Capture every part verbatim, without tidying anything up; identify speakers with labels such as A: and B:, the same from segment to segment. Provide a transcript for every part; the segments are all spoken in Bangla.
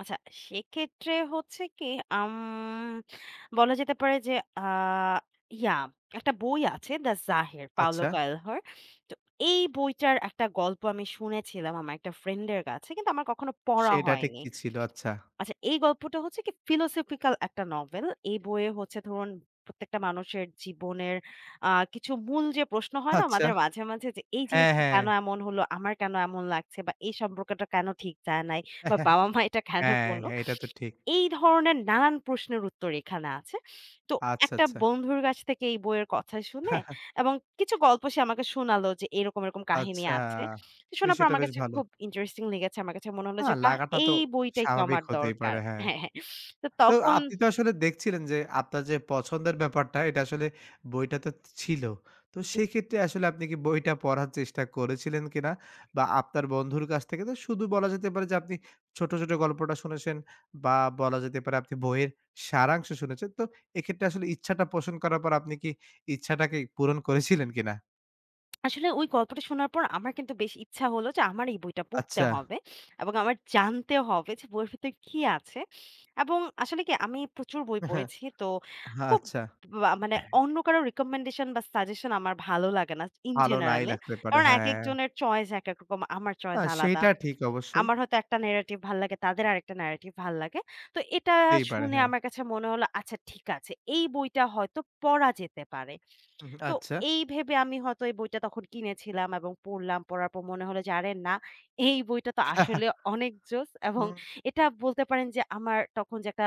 A: আচ্ছা, সেক্ষেত্রে হচ্ছে কি আম বলা যেতে পারে যে আ ইয়া একটা বই আছে 'দ্যা জাহের' 'পাওলো
B: আচ্ছা।
A: কালহ'র। তো এই বইটার একটা গল্প আমি শুনেছিলাম আমার একটা ফ্রেন্ড এর কাছে। কিন্তু আমার কখনো পড়া
B: সেটা ঠিক
A: হয়নি।
B: কি ছিল? আচ্ছা।
A: আচ্ছা এই গল্পটা হচ্ছে ফিলোসফিক্যাল একটা নভেল। এই বইয়ে হচ্ছে ধরুন প্রত্যেকটা মানুষের জীবনের আ কিছু মূল যে প্রশ্ন হয় না
B: আচ্ছা।
A: আমাদের মাঝে, মাঝে যে এই
B: হ্যাঁ,
A: জিনিসটা
B: হ্যাঁ।
A: কেন এমন হলো? আমার কেন এমন লাগছে বা এই সম্পর্কটা কেন ঠিক যায় নাই? বা বাবা-মা এটা কেন
B: হ্যাঁ।
A: করল?
B: এইটা তো ঠিক।
A: এই ধরনের নানান প্রশ্নের উত্তর এখানে আছে। তো
B: আচ্ছা,
A: একটা
B: আচ্ছা।
A: বন্ধুর কাছ থেকে এই বইয়ের কথা শুনে এবং কিছু গল্প সে আমাকে শোনালো যে এরকম, এরকম কাহিনী
B: আচ্ছা,
A: আছে। শোনার পর
B: বিষয়টা
A: আমার
B: বেশ
A: কাছে
B: ভালো।
A: খুব ইন্টারেস্টিং লেগেছে। আমার কাছে মনে হলো
B: না
A: যে বাহ!
B: লাগাটা তো
A: এই বইটাই তো
B: স্বাভাবিক
A: আমার
B: হতেই
A: দরকার।
B: পারে। হ্যাঁ।
A: হ্যাঁ, হ্যাঁ। তো
B: তো
A: তখন
B: আপনি তো আসলে দেখছিলেন যে আপনার যে পছন্দের ব্যাপারটা এটা আসলে বইটাতেত ছিল। তো
A: জি।
B: সেইক্ষেত্রে আসলে আপনি কি বইটা পড়ার চেষ্টা করেছিলেন কিনা? বা আপনার বন্ধুর কাছ থেকে তো শুধু বলা যেতে পারে যে আপনি ছোট, ছোট গল্পটা শুনেছেন বা বলা যেতে পারে আপনি বইয়ের সারাংশ শুনেছেন। তো এক্ষেত্রে আসলে ইচ্ছাটা পোষণ করার পর আপনি কি ইচ্ছাটাকে পূরণ করেছিলেন কিনা?
A: আসলে ওই গল্পটা শোনার পর আমার কিন্তু বেশ ইচ্ছা হলো যে আমার এই বইটা পড়তে
B: আচ্ছা।
A: হবে এবং আমার জানতে হবে যে বইয়ের ভিতরে কী আছে? এবং আসলে কি আমি প্রচুর বই পড়েছি। তো খুব
B: আচ্ছা।
A: বা মানে অন্য কারো রিকমেন্ডেশন বা সাজেশন আমার ভালো লাগে না, ইন
B: ভালো নাই
A: জেনারেল এ,
B: লাগতে পারে,
A: কারণ একেক
B: হ্যাঁ।
A: জনের চয়েস একেক রকম। আমার
B: না,
A: চয়েস আলাদা।
B: সেইটা ঠিক অবশ্যই।
A: আমার হয়তো একটা ন্যারেটিভ ভালো লাগে তাদের আরেকটা ন্যারেটিভ ভাল লাগে। তো এটা
B: হতেই পারে,
A: শুনে
B: হ্যাঁ।
A: আমার কাছে মনে হলো আচ্ছা ঠিক আছে। এই বইটা হয়তো পড়া যেতে পারে।
B: উ হুম,
A: তো
B: আচ্ছা।
A: এই ভেবে আমি হয়তো এই বইটা তখন কিনেছিলাম এবং পড়লাম। পড়ার পর মনে হলো যে, "আরে না এই বইটা তো আসলে অনেক জোস" এবং
B: হুম।
A: এটা বলতে পারেন যে আমার তখন যে একটা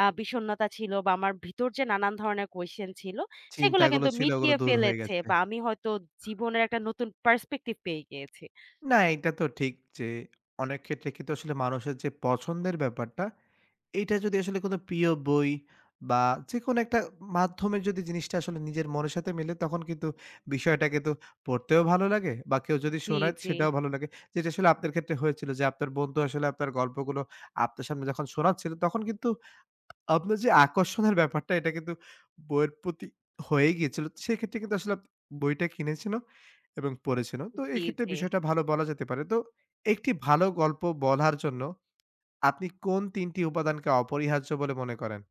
A: আ বিষন্নতা ছিল বা আমার ভিতর যে নানান ধরণের কোয়েশ্চেন ছিল
B: চিন্তা
A: সেগুলা
B: গুলো
A: কিন্তু
B: ছিল ওগুলো
A: মিটিয়ে
B: দূর হয়ে
A: ফেলেছে
B: গেছে।
A: বা আমি হয়তো জীবনের একটা নতুন পার্সপেক্টিভ পেয়ে গিয়েছি।
B: না এইটা তো ঠিক, যে অনেক ক্ষেত্রে কিন্তু আসলে মানুষের যে পছন্দের ব্যাপারটা এইটা যদি আসলে কোনো প্রিয় বই বা যেকোন একটা মাধ্যমের যদি জিনিসটা আসলে নিজের মনের সাথে মিলে তখন কিন্তু বিষয়টাকে তো পড়তেও ভালো লাগে বা কেউ যদি
A: জি,
B: শোনায়
A: জি।
B: সেটাও ভালো লাগে। যেটা আসলে আপনার ক্ষেত্রে হয়েছিল যে আপনার বন্ধু আসলে আপনার গল্পগুলো আপনার সামনে যখন শোনাচ্ছিল তখন কিন্তু আপনার যে আকর্ষণের ব্যাপারটা এটা কিন্তু বইয়ের প্রতি হয়েই গিয়েছিল। সেইক্ষেত্রে কিন্তু আসলে বইটা কিনেছেন ও এবং পড়েছেন ও। তো এই
A: জি,
B: ক্ষেত্রে
A: জি।
B: বিষয়টা ভালো বলা যেতে পারে। তো এক টি ভালো গল্প বলার জন্য আপনি কোন তিন টি উপাদানকে অপরিহার্য বলে মনে করেন।